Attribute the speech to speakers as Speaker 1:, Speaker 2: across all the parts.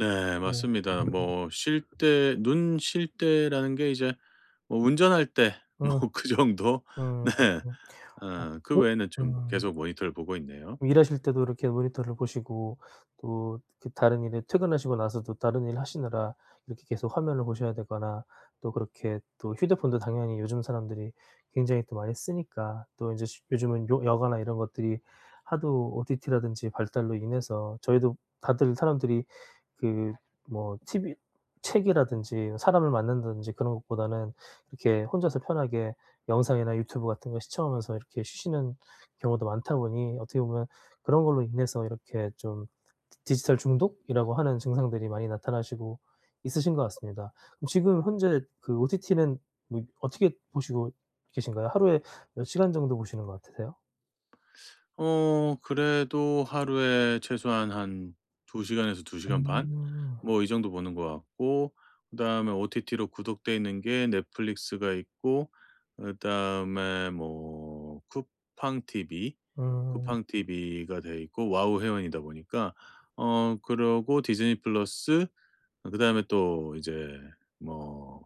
Speaker 1: 네
Speaker 2: 네
Speaker 1: 맞습니다.
Speaker 2: 네.
Speaker 1: 뭐 쉴 때 눈 쉴 때라는 게 이제 뭐 운전할 때
Speaker 2: 어.
Speaker 1: 뭐 그 정도
Speaker 2: 음.
Speaker 1: 네
Speaker 2: 어
Speaker 1: 어 그
Speaker 2: 그
Speaker 1: 외에는 좀
Speaker 2: 음.
Speaker 1: 계속 모니터를 보고 있네요.
Speaker 2: 일하실 때도 이렇게 모니터를 보시고 또 그 다른 일에 퇴근하시고 나서도 다른 일 하시느라 이렇게 계속 화면을 보셔야 되거나 또 그렇게 또 휴대폰도 당연히 요즘 사람들이 굉장히 또 많이 쓰니까 또 인제 쉬 요즘은 요 여가나 이런 것들이 하도 OTT라든지 발달로 인해서 저희도 다들 사람들이 그 뭐 TV 책이라든지 사람을 만난다든지 그런 것보다는 이렇게 혼자서 편하게 영상이나 유튜브 같은 거 시청하면서 이렇게 쉬시는 경우도 많다 보니 어떻게 보면 그런 걸로 인해서 이렇게 좀 디 디지털 중독이라고 하는 증상들이 많이 나타나시고 있으신 것 같습니다. 그럼 지금 현재 그 OTT는 뭐 어떻게 보시고 계신가요? 하루에 몇 시간 정도 보시는 것 같으세요?
Speaker 1: 어 그래도 하루에 최소한 한 2 시간에서 2 시간 반?
Speaker 2: 음.
Speaker 1: 뭐 이 정도 보는 것 같고 그다음에 OTT로 구독되어 있는 게 넷플릭스가 있고 그다음에 뭐 쿠팡 TV,
Speaker 2: 음.
Speaker 1: 쿠팡 TV가 돼 있고 와우 회원이다 보니까 어 그러고 디즈니 플러스 그다음에 또 이제 뭐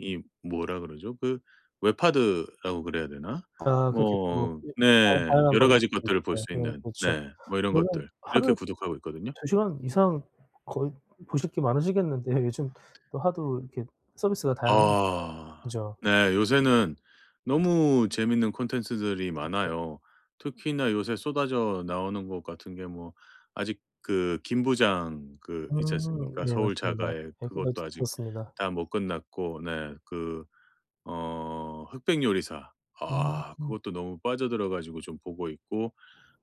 Speaker 1: 이 뭐라 그러죠? 그 웹하드라고 그래야 되나?
Speaker 2: 아 그렇게 또
Speaker 1: 뭐
Speaker 2: 예 다은
Speaker 1: 네
Speaker 2: 다양한
Speaker 1: 여러 가지
Speaker 2: 방법들이
Speaker 1: 것들을 볼
Speaker 2: 있죠.
Speaker 1: 수
Speaker 2: 예.
Speaker 1: 있는
Speaker 2: 그렇죠
Speaker 1: 네 뭐 이런
Speaker 2: 그러면
Speaker 1: 것들 이렇게
Speaker 2: 하루
Speaker 1: 구독하고 있거든요.
Speaker 2: 2 시간 이상 거의 보실 게 많으시겠는데 요즘 또 하도 이렇게 서비스가 다양하니까.
Speaker 1: 아.
Speaker 2: 그죠?
Speaker 1: 네. 요새는 너무 재밌는 콘텐츠들이
Speaker 2: 그쵸.
Speaker 1: 많아요. 특히나 요새 쏟아져 나오는 것 같은 게 뭐 아직 그 김부장 그 있지
Speaker 2: 음
Speaker 1: 않습니까?
Speaker 2: 예
Speaker 1: 서울
Speaker 2: 맞습니다.
Speaker 1: 자가의
Speaker 2: 얘기 다
Speaker 1: 그것도 아직
Speaker 2: 들었습니다.
Speaker 1: 다 못 끝났고 네 그 어 흑백 요리사 아
Speaker 2: 음.
Speaker 1: 그것도 너무 빠져들어 가지고 좀 보고 있고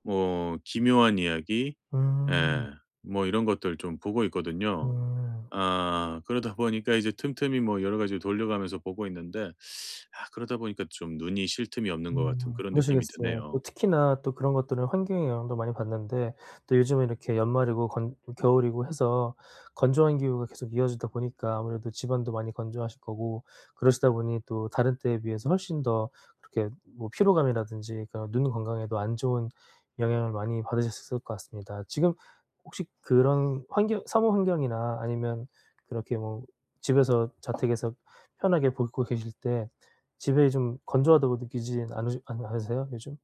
Speaker 1: 뭐 기묘한 이야기
Speaker 2: 음.
Speaker 1: 예 뭐 이런 것들 좀 보고 있거든요.
Speaker 2: 음.
Speaker 1: 아 그러다 보니까 이제 틈틈이 뭐 여러 가지를 돌려 가면서 보고 있는데 아 그러다 보니까 좀 눈이 쉴 틈이 없는 것 같은
Speaker 2: 음
Speaker 1: 그런 느낌이
Speaker 2: 그러시겠어요. 또
Speaker 1: 드네요.
Speaker 2: 특히나 또 그런 것들은 환경의 영향도 많이 받는데 또 요즘은 이렇게 연말이고 건 좀 겨울이고 해서 건조한 기후가 계속 이어지다 보니까 아무래도 집안도 많이 건조하실 거고 그러시다 보니 또 다른 때에 비해서 훨씬 더 이렇게 뭐 피로감이라든지 그런 눈 건강에도 안 좋은 영향을 많이 받으셨을 것 같습니다. 지금 혹시 그런 환경, 사무 환경이나 아니면 그렇게 뭐 집에서 자택에서 편하게 보고 계실 때 집에 좀 건조하다고 느끼지 않으 않 않으세요 요즘?